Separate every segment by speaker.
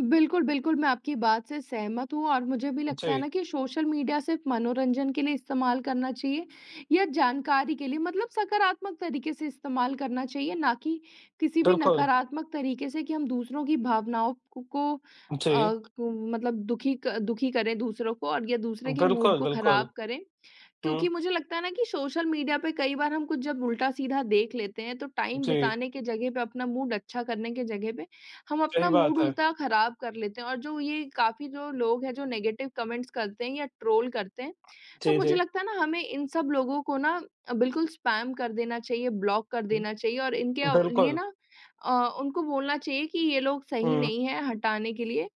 Speaker 1: बिल्कुल, बिल्कुल मैं आपकी बात से सहमत हूँ और मुझे भी लगता है
Speaker 2: जी।
Speaker 1: ना कि सोशल मीडिया सिर्फ़ मनोरंजन के लिए इस्तेमाल करना चाहिए या जानकारी के लिए, मतलब सकारात्मक तरीके से इस्तेमाल करना चाहिए ना कि किसी भी
Speaker 2: बिल्कुल।
Speaker 1: नकारात्मक तरीके से कि हम दूसरों की भावनाओं क को अ,
Speaker 2: जी।
Speaker 1: को मतलब दुखी क दुखी करें दूसरों को और या दूसरे के मूड
Speaker 2: बिल्कुल,
Speaker 1: को
Speaker 2: बिल्कुल।
Speaker 1: ख़राब करें।
Speaker 2: हुँ।
Speaker 1: क्योंकि मुझे लगता है ना कि सोशल मीडिया पे कई बार हम कुछ जब उल्टा-सीधा देख लेते हैं, तो टाइम
Speaker 2: जी।
Speaker 1: बिताने के जगह पे अपना मूड अच्छा करने के जगह पे, हम
Speaker 2: सही
Speaker 1: अपना मूड
Speaker 2: बात है।
Speaker 1: उल्टा ख़राब कर लेते हैं। और जो ये काफ़ी जो लोग हैं जो नेगेटिव कमेंट्स करते हैं या ट्रोल करते हैं तो
Speaker 2: जी,
Speaker 1: मुझे
Speaker 2: जी।
Speaker 1: लगता है ना हमें इन सब लोगों को ना अ, बिल्कुल स्पैम कर देना चाहिए, ब्लॉक कर
Speaker 2: हुँ।
Speaker 1: देना चाहिए, और इनके अव लिए
Speaker 2: बिल्कुल।
Speaker 1: ना अ, उनको बोलना चाहिए कि ये लोग सही
Speaker 2: हुँ।
Speaker 1: नहीं है, हटाने के लिए।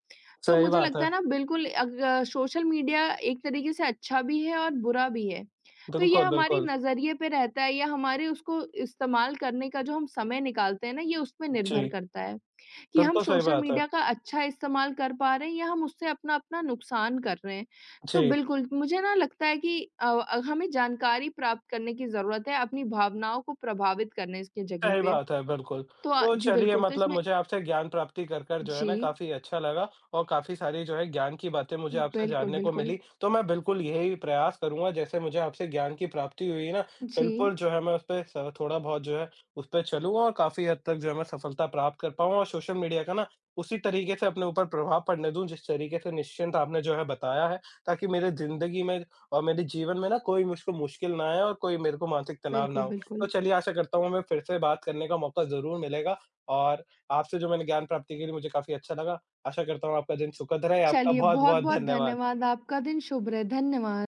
Speaker 1: तो
Speaker 2: सही
Speaker 1: मुझे
Speaker 2: बात
Speaker 1: लगता
Speaker 2: है।
Speaker 1: है ना बिल्कुल अग सोशल मीडिया एक तरीके से अच्छा भी है, और बुरा भी है। तो ये
Speaker 2: बिल्कुल,
Speaker 1: हमारी
Speaker 2: बिल्कुल।
Speaker 1: नज़रिए पे रहता है या हमारे उसको इस्तेमाल करने का जो हम समय निकालते हैं ना ये उसपे निर्भर
Speaker 2: जी।
Speaker 1: करता है कि हम
Speaker 2: बिल्कुल सही
Speaker 1: सोशल
Speaker 2: बात है।
Speaker 1: मीडिया का अच्छा इस्तेमाल कर पा रहे हैं या हम उससे अपना-अपना नुकसान कर रहे हैं। तो
Speaker 2: जी।
Speaker 1: बिल्कुल मुझे ना लगता है कि अव, हमें जानकारी प्राप्त करने की जरूरत है अपनी भावनाओं को प्रभावित करने स के जगह
Speaker 2: सही
Speaker 1: पे।
Speaker 2: बात है, बिल्कुल।
Speaker 1: तो अ,
Speaker 2: तो
Speaker 1: जी
Speaker 2: चलिए
Speaker 1: बिल्कुल तो
Speaker 2: मतलब
Speaker 1: इसमें
Speaker 2: मुझे आपसे ज्ञान प्राप्ति कर, कर जो है ना
Speaker 1: जी।
Speaker 2: काफ़ी अच्छा लगा और काफ़ी सारी जो है ज्ञान की बातें मुझे आपसे
Speaker 1: बिल्कुल,
Speaker 2: जानने को
Speaker 1: बिल्कुल।
Speaker 2: मिली, तो मैं बिल्कुल यही प्रयास करूँगा जैसे मुझे आपसे ज्ञान की प्राप्ति हुई है ना,
Speaker 1: जी।
Speaker 2: बिल्कुल जो है मैं उस पे सर थोड़ा-बहुत जो है उस पे चलूँगा और काफ़ी हद तक जो है मैं सफलता प्राप्त कर पाऊँ और सोशल मीडिया का ना उसी तरीके से अपने ऊपर प्रभाव पड़ने दूँ, जिस तरीके से निश्चिंत आपने जो है बताया है, ताकि मेरे जिंदगी में और मेरे जीवन में ना कोई मुझको मुश्किल ना आए और कोई मेरे को मानसिक तनाव ना
Speaker 1: बिल्कुल,
Speaker 2: हो। तो
Speaker 1: बिल्कुल।
Speaker 2: चलिए आशा करता हूँ हमें फिर से बात करने का मौका ज़रूर मिलेगा और आपसे जो मैंने ज्ञान प्राप्ति की थी मुझे काफ़ी अच्छा लगा। आशा करता हूँ आपका दिन सुखद रहे, आपका
Speaker 1: चलिए
Speaker 2: बहुत-बहुत
Speaker 1: बहुत-बहुत
Speaker 2: धन्यवाद।
Speaker 1: धन्यवाद, आपका दिन शुभ रहे, धन्यवाद।